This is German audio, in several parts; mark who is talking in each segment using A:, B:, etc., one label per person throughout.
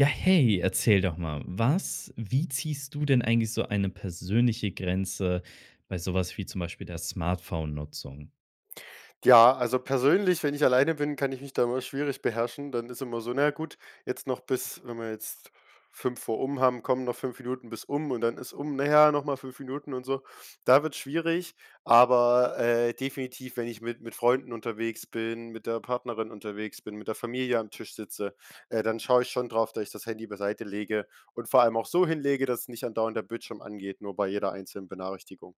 A: Ja, hey, erzähl doch mal, was wie ziehst du denn eigentlich so eine persönliche Grenze bei so was wie zum Beispiel der Smartphone-Nutzung?
B: Ja, also persönlich, wenn ich alleine bin, kann ich mich da immer schwierig beherrschen, dann ist immer so: „Na ja gut, jetzt noch bis“, wenn wir jetzt 5 vor um haben: „Komm, noch 5 Minuten bis um“ und dann ist um: „Na ja, noch mal 5 Minuten“ und so. Da wird's schwierig. Aber, äh, definitiv, wenn ich mit mit Freunden unterwegs bin, mit der Partnerin unterwegs bin, mit der Familie am Tisch sitze, äh, dann schaue ich schon drauf, dass ich das Handy beiseite lege und vor allem auch so hinlege, dass nicht andauernd der Bildschirm angeht, nur bei jeder einzelnen Benachrichtigung.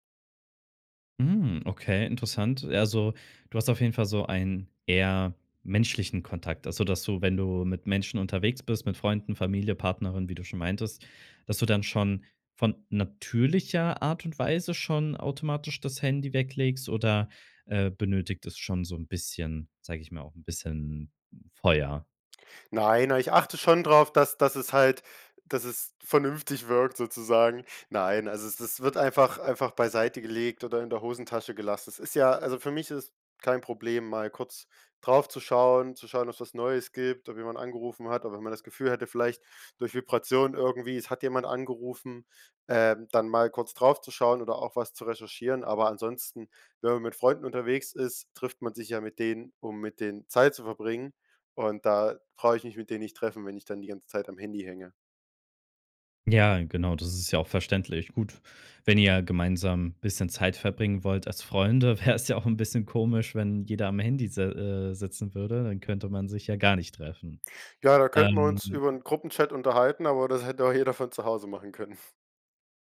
A: Hm, okay, interessant. Also, du hast auf jeden Fall so einen eher menschlichen Kontakt. Also, dass du, wenn du mit Menschen unterwegs bist, mit Freunden, Familie, Partnerin, wie du schon meintest, dass du dann schon von natürlicher Art und Weise schon automatisch das Handy weglegst oder, äh, benötigt es schon so 'n bisschen sage ich mal, auch 'n bisschen Feuer?
B: Nein, a ich achte schon drauf, dass dass es halt dass es vernünftig wirkt sozusagen. Nein, also es es wird einfach einfach beiseite gelegt oder in der Hosentasche gelassen. Es ist ja also für mich ist es kein Problem mal kurz drauf zu schauen, zu schauen ob's was Neues gibt, ob jemand angerufen hat, aber wenn man das Gefühl hätte vielleicht durch Vibration irgendwie, es hat jemand angerufen, ähm, dann mal kurz drauf zu schauen oder auch was zu recherchieren, aber ansonsten, wenn man mit Freunden unterwegs ist, trifft man sich ja mit denen, um mit denen Zeit zu verbringen. Und da brauche ich mich mit denen nicht treffen, wenn ich dann die ganze Zeit am Handy hänge.
A: Ja, genau, das ist ja auch verständlich. Gut, wenn ihr gemeinsam bisschen Zeit verbringen wollt als Freunde, wäre es ja auch 'n bisschen komisch, wenn jeder am Handy s äh, sitzen würde, dann könnte man sich ja gar nicht treffen.
B: Ja, da könnten wir uns
A: Ähm.
B: über 'n Gruppenchat unterhalten, aber das hätte auch jeder von zu Hause machen können.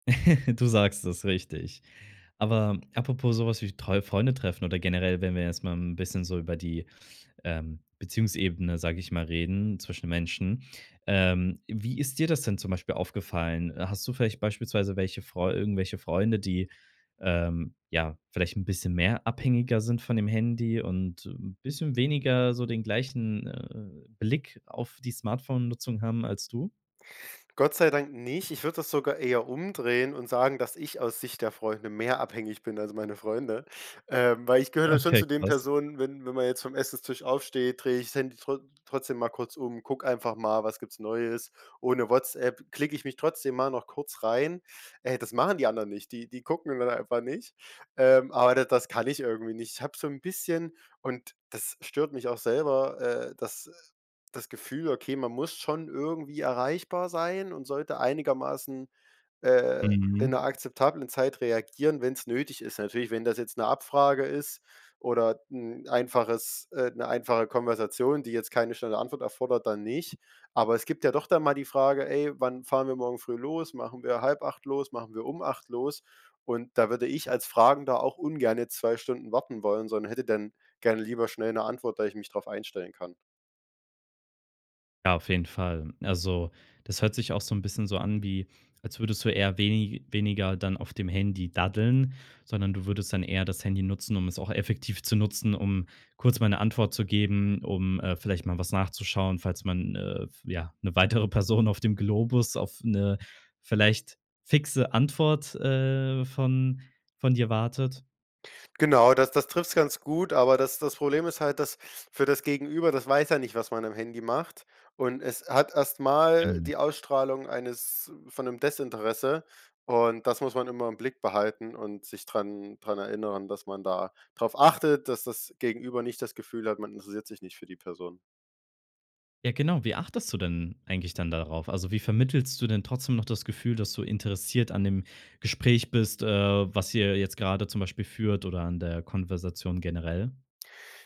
A: Du sagst es, richtig. Aber apropos so was wie treue Freunde treffen oder generell, wenn wir jetzt mal 'n bisschen so über die, ähm, Beziehungsebene, sage ich mal, reden, zwischen Menschen. Ähm, wie ist dir das denn zum Beispiel aufgefallen? Hast du vielleicht beispielsweise welche Freu irgendwelche Freunde, die, ähm ja, vielleicht 'n bisschen mehr abhängiger sind von dem Handy und 'n bisschen weniger so den gleichen, äh, Blick auf die Smartphone-Nutzung haben als du?
B: Gott sei Dank nicht. Ich würde das sogar eher umdrehen und sagen, dass ich aus Sicht der Freunde mehr abhängig bin als meine Freunde. Ähm, weil ich gehöre dann schon
A: Okay,
B: zu den
A: krass.
B: Personen, wenn wenn man jetzt vom Essenstisch aufsteht, drehe ich's Handy trot trotzdem mal kurz um, gucke einfach mal, was gibt's Neues: „Oh ne Whatsapp“ klicke ich mich trotzdem mal noch kurz rein ey, das machen die anderen nicht, die die gucken dann einfach nicht, ähm, aber da das kann ich irgendwie nicht. Ich habe so 'n bisschen und das stört mich auch selber, äh, dass, das Gefühl, okay, man muss schon irgendwie erreichbar sein und sollte einigermaßen, äh, in 'ner
A: Mhm.
B: akzeptablen Zeit reagieren, wenn's nötig ist. Natürlich, wenn das jetzt 'ne Abfrage ist oder 'n einfaches, äh 'ne einfache Konversation, die jetzt keine schnelle Antwort erfordert, dann nicht. Aber es gibt ja doch dann mal die Frage: „Ey, wann fahren wir morgen früh los? Machen wir 7:30 los? Machen wir um 8 los?“ Und da würde ich als Fragender auch ungerne 2 Stunden warten wollen, sondern hätte denn, gerne lieber schnell 'ne Antwort, da ich mich drauf einstellen kann.
A: Ja, auf jeden Fall. Also, das hört sich auch so 'n bisschen so an wie, als würdest du eher wenig weniger dann auf dem Handy daddeln, sondern du würdest dann eher das Handy nutzen, um es auch effektiv zu nutzen, um kurz mal 'ne Antwort zu geben, um, äh, vielleicht mal was nachzuschauen, falls man, äh, f ja ‘ne weitere Person auf dem Globus auf 'ne vielleicht fixe Antwort, äh, von von dir wartet?
B: Genau, das das trifft's ganz gut, aber das das Problem ist halt, dass für das Gegenüber das weiß ja nicht, was man am Handy macht und es hat erst mal die
A: [unintelligible]
B: Ausstrahlung eines von 'nem Desinteresse und das muss man immer im Blick behalten und sich dran dran erinnern, dass man da drauf achtet, dass das Gegenüber nicht das Gefühl hat, man interessiert sich nicht für die Person.
A: Ja genau, wie achtest du denn eigentlich dann darauf? Also, wie vermittelst du denn trotzdem noch das Gefühl, dass du interessiert an dem Gespräch bist, äh, was ihr jetzt grade zum Beispiel führt oder an der Konversation generell?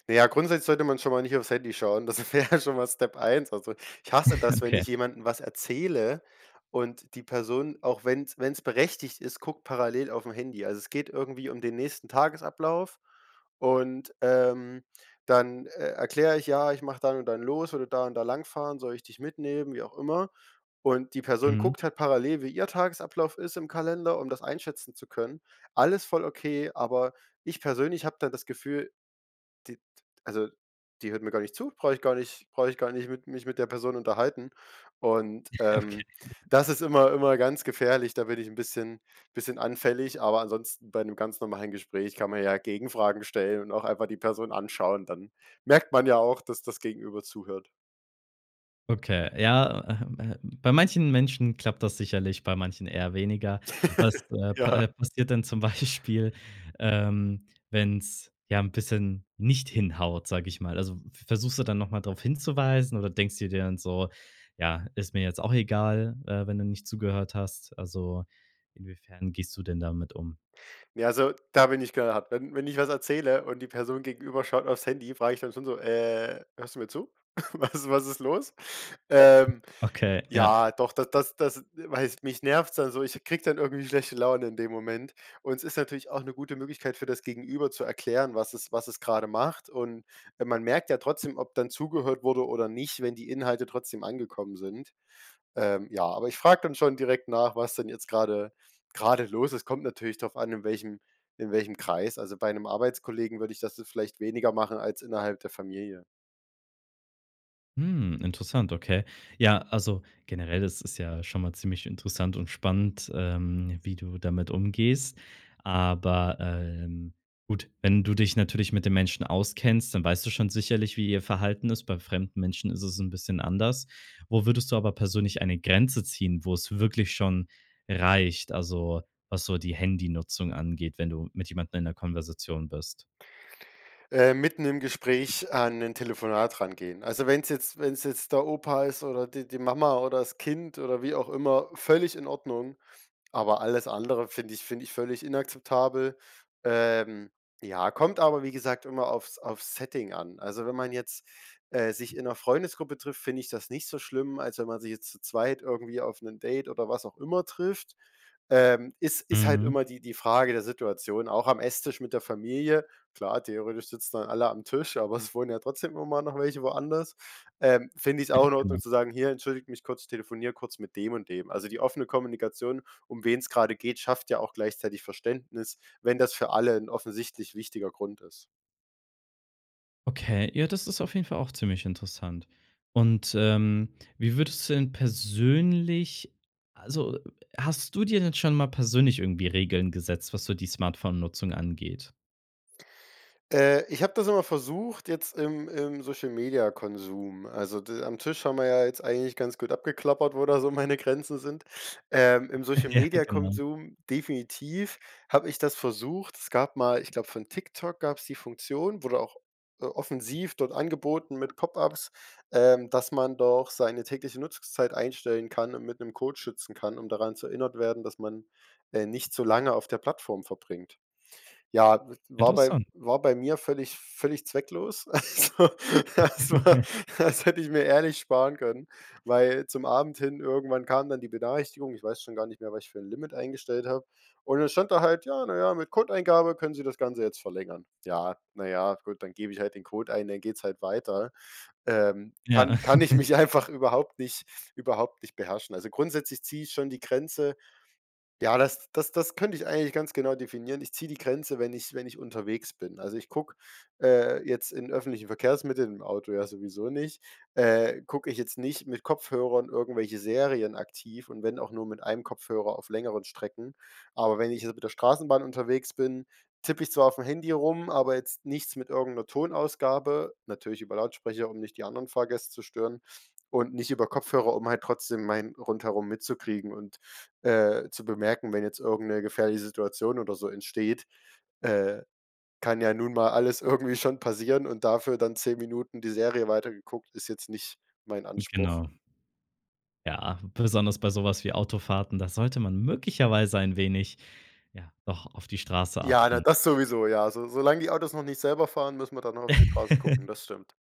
B: Na ja, grundsätzlich sollte man schon mal nicht auf's Handy schauen. Das wäre schon mal Step 1. Also, ich hasse das, wenn ich
A: Okay.
B: jemandem was erzähle und die Person, auch wenn's wenn's berechtigt ist, guckt parallel auf 'n Handy. Also, es geht irgendwie um den nächsten Tagesablauf und, ähm, dann, äh, erkläre ich: „Ja, ich mache dann und dann los, würde da und da lang fahren, soll ich dich mitnehmen“, wie auch immer, und die Person
A: Mhm.
B: guckt halt parallel, wie ihr Tagesablauf ist im Kalender, um das einschätzen zu können. Alles voll okay, aber ich persönlich habe da das Gefühl: „Die d also, die hört mir gar nicht zu, brauche ich gar nicht brauche ich gar nicht mit mich mit der Person unterhalten.“ Und,
A: Ja, okay.
B: ähm, das ist immer immer ganz gefährlich, da bin ich 'n bisschen bisschen anfällig, aber ansonsten bei ‘nem ganz normalen Gespräch kann man ja Gegenfragen stellen und auch einfach die Person anschauen, dann merkt man ja auch, dass das Gegenüber zuhört.
A: Okay, ja, ähm ähm, bei manchen Menschen klappt das sicherlich, bei manchen eher weniger. Was, äh, pa äh,
B: Ja.
A: passiert denn zum Beispiel, ähm, wenn's ja 'n bisschen nicht hinhaut, sage ich mal. Also, v versuchst du dann noch mal drauf hinzuweisen oder denkst dir dann so: „Ja, ist mir jetzt auch egal, äh, wenn du nicht zugehört hast?“ Also, inwiefern gehst du denn damit um?
B: Ne, also, da bin ich knall hart. Wenn wenn ich was erzähle und die Person gegenüber schaut aufs Handy, frage ich dann schon so, „Äh, hörst du mir zu? Was was ist los?“ Ähm,
A: Okay, ja
B: ja, doch, d das das das weißt mich nervt's dann so, ich kriege dann irgendwie schlechte Laune in dem Moment und s ist natürlich auch 'ne gute Möglichkeit für das Gegenüber zu erklären, was es was es gerade macht und weil man merkt ja trotzdem, ob dann zugehört wurde oder nicht, wenn die Inhalte trotzdem angekommen sind. Ähm, ja, aber ich frage dann schon direkt nach, was denn jetzt gerade gerade los ist. Kommt natürlich drauf an, in welchem in welchem Kreis. Also, bei 'nem Arbeitskollegen würde ich das vielleicht weniger machen als innerhalb der Familie.
A: Hm, interessant, okay. Ja, also generell ist es ja schon mal ziemlich interessant und spannend, ähm, wie du damit umgehst. Aber, ähm, gut, wenn du dich natürlich mit dem Menschen auskennst, dann weißt du schon sicherlich, wie ihr Verhalten ist. Bei fremden Menschen ist es 'n bisschen anders. Wo würdest du aber persönlich eine Grenze ziehen, wo's wirklich schon reicht, also, was so die Handynutzung angeht, wenn du mit jemandem in der Konversation bist?
B: Ähm, mitten im Gespräch an 'nen Telefonat rangehen. Also, wenn's jetzt wenn's jetzt der Opa ist oder die die Mama oder das Kind oder wie auch immer, völlig in Ordnung, aber alles andere finde ich finde ich völlig inakzeptabel. Ähm, ja, kommt aber wie gesagt immer aufs aufs Setting an. Also, wenn man jetzt, äh, sich in 'ner Freundesgruppe trifft, finde ich das nicht so schlimm, als wenn man sich jetzt zu 2. irgendwie auf 'nen Date oder was auch immer trifft. Ähm, ist ist halt
A: Mhm.
B: immer die die Frage der Situation, auch am Esstisch mit der Familie, klar, theoretisch sitzen dann alle am Tisch, aber es wohnen ja trotzdem immer noch welche woanders, ähm, finde ich's auch in Ordnung
A: Genau.
B: zu sagen: „Hier, entschuldige mich kurz, ich telefoniere kurz mit dem und dem.“ Also, die offene Kommunikation, um wen's grade geht, schafft ja auch gleichzeitig Verständnis, wenn das für alle 'n offensichtlich wichtiger Grund ist.
A: Okay, ja, das ist auf jeden Fall auch ziemlich interessant. Und, ähm, wie würdest du denn persönlich also, hast du dir denn schon mal persönlich irgendwie Regeln gesetzt, was so die Smartphone-Nutzung angeht?
B: Äh, ich habe das immer versucht jetzt im im Social-Media-Konsum, also, d am Tisch haben wir ja jetzt eigentlich ganz gut abgeklappert, wo da so meine Grenzen sind. Ähm, im
A: Ja, genau.
B: Social-Media-Konsum definitiv habe ich das versucht. Es gab mal ich glaube von TikTok gab's die Funktion, wurde auch, äh, offensiv dort angeboten mit Pop-Ups, ähm, dass man doch seine tägliche Nutzungszeit einstellen kann und mit 'nem Code schützen kann, um daran zu erinnert werden, dass man, äh, nicht zu lange auf der Plattform verbringt. Ja, w war bei
A: Interessant.
B: war bei mir völlig völlig zwecklos. Also, das war das hätte ich mir ehrlich sparen können, weil zum Abend hin irgendwann kam dann die Benachrichtigung. Ich weiß schon gar nicht mehr, was ich für 'n Limit eingestellt habe. Und dann stand da halt: „Ja, na ja, mit Codeeingabe können Sie das Ganze jetzt verlängern.“ Ja, na ja, gut, dann gebe ich halt den Code ein, dann geht's halt weiter. Ähm,
A: Ja.
B: kann kann ich mich einfach überhaupt nicht überhaupt nicht beherrschen. Also, grundsätzlich ziehe ich schon die Grenze ja, das das das könnte ich eigentlich ganz genau definieren. Ich ziehe die Grenze, wenn ich wenn ich unterwegs bin. Also, ich gucke, äh, jetzt in öffentlichen Verkehrsmitteln, im Auto ja sowieso nicht, äh, gucke ich jetzt nicht mit Kopfhörern irgendwelche Serien aktiv und wenn auch nur mit einem Kopfhörer auf längeren Strecken. Aber wenn ich jetzt mit der Straßenbahn unterwegs bin, tippe ich zwar aufm Handy rum, aber jetzt nichts mit irgend 'ner Tonausgabe, natürlich über Lautsprecher, um nicht die anderen Fahrgäste zu stören und nicht über Kopfhörer, um halt trotzdem mein Rundherum mitzukriegen und, äh, zu bemerken, wenn jetzt irgend 'ne gefährliche Situation oder so entsteht. Äh, kann ja nun mal alles irgendwie schon passieren und dafür dann 10 Minuten die Serie weiter geguckt, ist jetzt nicht mein Anspruch.
A: Genau. Ja, besonders bei so was wie Autofahrten, da sollte man möglicherweise ein wenig ja, doch auf die Straße
B: Ja, na,
A: achten.
B: das sowieso, ja. So solang die Autos noch nicht selber fahren, müssen wir dann noch auf die Straße gucken, das stimmt.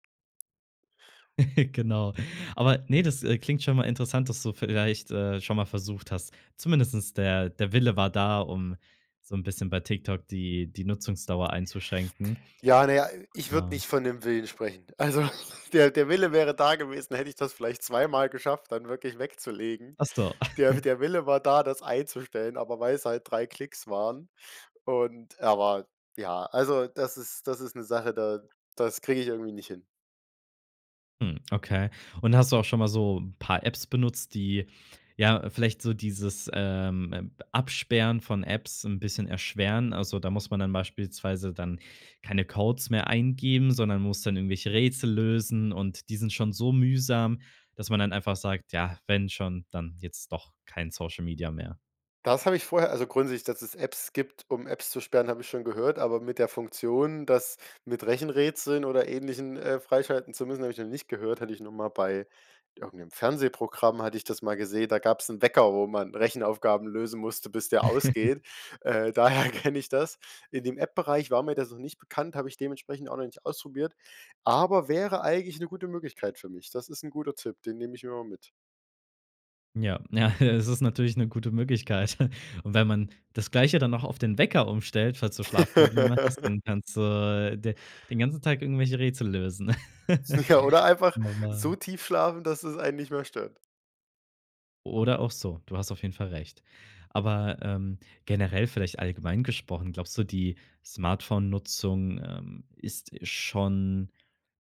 A: Genau. Aber ne, das, äh, klingt schon mal interessant, dass du vielleicht, äh, schon mal versucht hast, zumindest der der Wille war da, um so 'n bisschen bei TikTok die die Nutzungsdauer einzuschränken.
B: Ja, na ja, ich würde
A: Klar.
B: nicht von 'nem Willen sprechen. Also der der Wille wäre da gewesen, hätte ich das vielleicht zweimal geschafft, dann wirklich wegzulegen.
A: Ach so.
B: Der der Wille war da, das einzustellen, aber weil's halt 3 Klicks waren und er war ja, also, das ist das ist 'ne Sache, da das kriege ich irgendwie nicht hin.
A: Hm, okay. Und hast du auch schon mal so paar Apps benutzt, die, ja, vielleicht so dieses, ähm, äh, Absperren von Apps 'n bisschen erschweren? Also, da muss man dann beispielsweise dann keine Codes mehr eingeben, sondern muss dann irgendwelche Rätsel lösen und die sind schon so mühsam, dass man dann einfach sagt: „Ja, wenn schon, dann jetzt doch kein Social Media mehr.“
B: Das habe ich vorher also, grundsätzlich, dass es Apps gibt, um Apps zu sperren, habe ich schon gehört, aber mit der Funktion, das mit Rechenrätseln oder Ähnlichem, äh, freischalten zu müssen, habe ich noch nicht gehört, hatte ich nur mal bei irgendeinem Fernsehprogramm hatte ich das mal gesehen, da gab's 'n Wecker, wo man Rechenaufgaben lösen musste, bis der ausgeht. Äh, daher kenne ich das. In dem App-Bereich war mir das noch nicht bekannt, habe ich dementsprechend auch noch nicht ausprobiert, aber wäre eigentlich 'ne gute Möglichkeit für mich. Das ist 'n guter Tipp, den nehme ich mir mal mit.
A: Ja, ja, es ist natürlich 'ne gute Möglichkeit. Und wenn man das Gleiche dann auch auf den Wecker umstellt, falls du Schlafprobleme hast, dann kannst du de den ganzen Tag irgendwelche Rätsel lösen.
B: Ja, oder einfach
A: Oh,
B: so
A: Mann.
B: tief schlafen, dass es einen nicht mehr stört.
A: Oder auch so, du hast auf jeden Fall recht. Aber, ähm, generell vielleicht allgemein gesprochen, glaubst du, die Smartphonenutzung, ähm, ist schon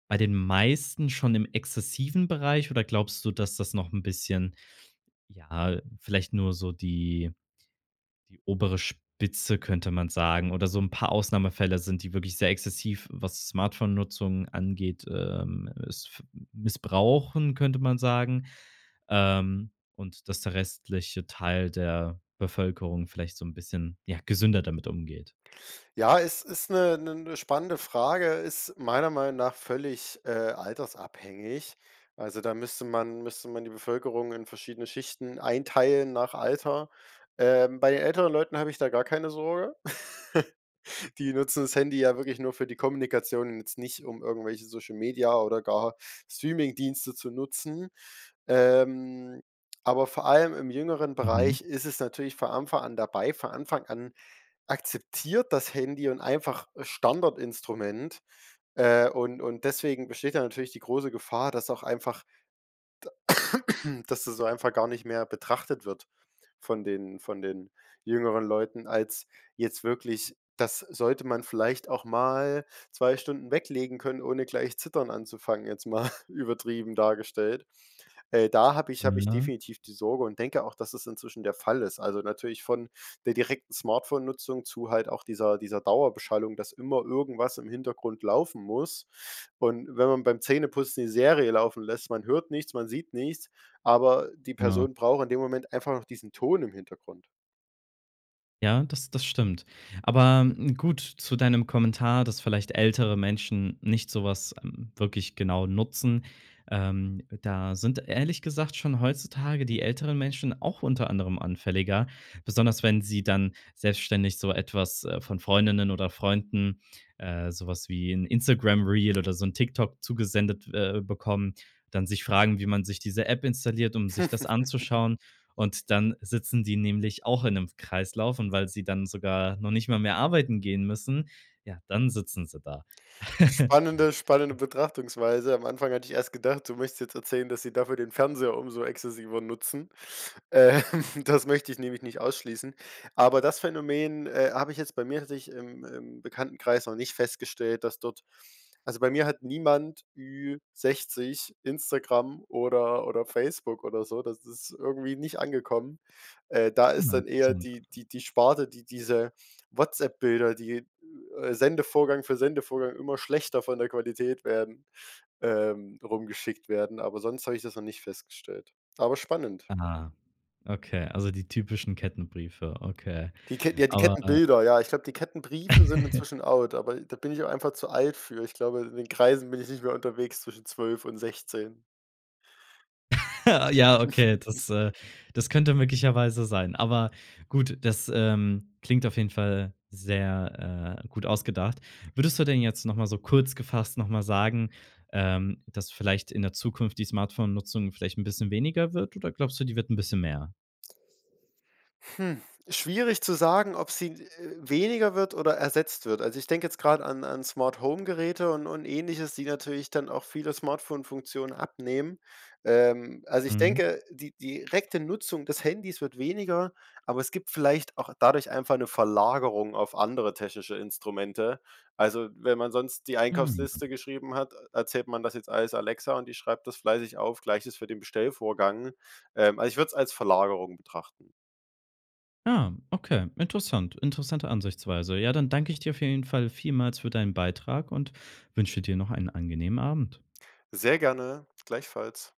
A: bei den meisten schon im exzessiven Bereich oder glaubst du, dass das noch 'n bisschen ja, vielleicht nur so die die obere Spitze, könnte man sagen oder so 'n paar Ausnahmefällen sind, die wirklich sehr exzessiv, was Smartphonenutzung angeht, ähm, s f missbrauchen, könnte man sagen, ähm, und dass der restliche Teil der Bevölkerung vielleicht so 'n bisschen, ja, gesünder damit umgeht?
B: Ja, es ist 'ne 'ne 'ne spannende Frage, ist meiner Meinung nach völlig, äh, altersabhängig. Also, da müsste man müsste man die Bevölkerung in verschiedene Schichten einteilen nach Alter. Ähm, bei älteren Leuten habe ich da gar keine Sorge. Die nutzen das Handy ja wirklich nur für die Kommunikation und jetzt nicht, um irgendwelche Social Media oder gar Streamingdienste zu nutzen. Ähm, aber vor allem im jüngeren
A: Mhm.
B: Bereich ist es natürlich vor Anfang an dabei. Von Anfang an akzeptiert das Handy und einfach Standardinstrument, äh, und und deswegen besteht da natürlich die große Gefahr, dass auch einfach d dass das so einfach gar nicht mehr betrachtet wird von den von den jüngeren Leuten, als jetzt wirklich das sollte man vielleicht auch mal 2 Stunden weglegen können, ohne gleich Zittern anzufangen, jetzt mal übertrieben dargestellt. Äh, da habe ich habe ich
A: Ja.
B: definitiv die Sorge und denke auch, dass es inzwischen der Fall ist. Also, natürlich von der direkten Smartphonenutzung zu halt auch dieser dieser Dauerbeschallung, dass immer irgendwas im Hintergrund laufen muss. Und wenn man beim Zähneputzen die Serie laufen lässt, man hört nichts, man sieht nichts, aber die
A: Genau.
B: Person braucht in dem Moment einfach noch diesen Ton im Hintergrund.
A: Ja, das das stimmt. Aber, hm gut, zu deinem Kommentar, dass vielleicht ältere Menschen nicht so was wirklich genau nutzen. Ähm, da sind ehrlich gesagt schon heutzutage die älteren Menschen auch unter anderem anfälliger, besonders wenn sie dann selbstständig so etwas, äh, von Freundinnen oder Freunden, äh, so was wie 'n Instagram Reel oder so 'n TikTok zugesendet, äh, bekommen, dann sich fragen, wie man sich diese App installiert, um sich das anzuschauen. Und dann sitzen die nämlich auch in 'nem Kreislauf und weil sie dann sogar noch nicht mal mehr arbeiten gehen müssen, ja, dann sitzen sie da.
B: Spannende spannende Betrachtungsweise. Am Anfang hatte ich erst gedacht, du möchtest jetzt erzählen, dass sie dafür den Fernseher umso exzessiver nutzen. Ähm, das möchte ich nämlich nicht ausschließen. Aber das Phänomen, äh, habe ich jetzt, bei mir tatsächlich ich im im Bekanntenkreis noch nicht festgestellt, dass dort also, bei mir hat niemand Ü-60 Instagram oder oder Facebook oder so, das ist irgendwie nicht angekommen. Äh, da
A: Hm,
B: ist dann eher
A: interessant.
B: die die die Sparte, die diese Whatsapp-Bilder, die äh, Sendevorgang für Sendevorgang immer schlechter von der Qualität werden, ähm, rumgeschickt werden, aber sonst habe ich das noch nicht festgestellt. Aber spannend.
A: Ah, okay, also, die typischen Kettenbriefe, okay.
B: Die Kett ja, die
A: Aber
B: Kettenbilder, ja, ich glaube, die Kettenbriefe sind inzwischen out, aber da bin ich auch einfach zu alt für. Ich glaube, in den Kreisen bin ich nicht mehr unterwegs zwischen 12 und 16.
A: Ja, okay, das, äh das könnte möglicherweise sein. Aber gut, das, ähm, klingt auf jeden Fall sehr, äh, gut ausgedacht. Würdest du denn jetzt noch mal so kurz gefasst noch mal sagen, ähm, dass vielleicht in der Zukunft die Smartphone-Nutzung vielleicht 'n bisschen weniger wird? Oder glaubst du, die wird 'n bisschen mehr?
B: Hm, schwierig zu sagen, ob sie, äh, weniger wird oder ersetzt wird. Also, ich denke jetzt grad an an Smarthome-Geräte und und Ähnliches, die natürlich dann auch viele Smartphone-Funktionen abnehmen. Ähm, also ich
A: Mhm.
B: denke, die die direkte Nutzung des Handys wird weniger, aber es gibt vielleicht auch dadurch einfach 'ne Verlagerung auf andere technische Instrumente. Also, wenn man sonst die
A: Mhm.
B: Einkaufsliste geschrieben hat, erzählt man das jetzt alles Alexa und die schreibt das fleißig auf, gleiches für den Bestellvorgang. Ähm, also, ich würde es als Verlagerung betrachten.
A: Ah, okay, interessant interessante Ansichtsweise. Ja, dann danke ich dir auf jeden Fall vielmals für deinen Beitrag und wünsche dir noch einen angenehmen Abend.
B: Sehr gerne, gleichfalls.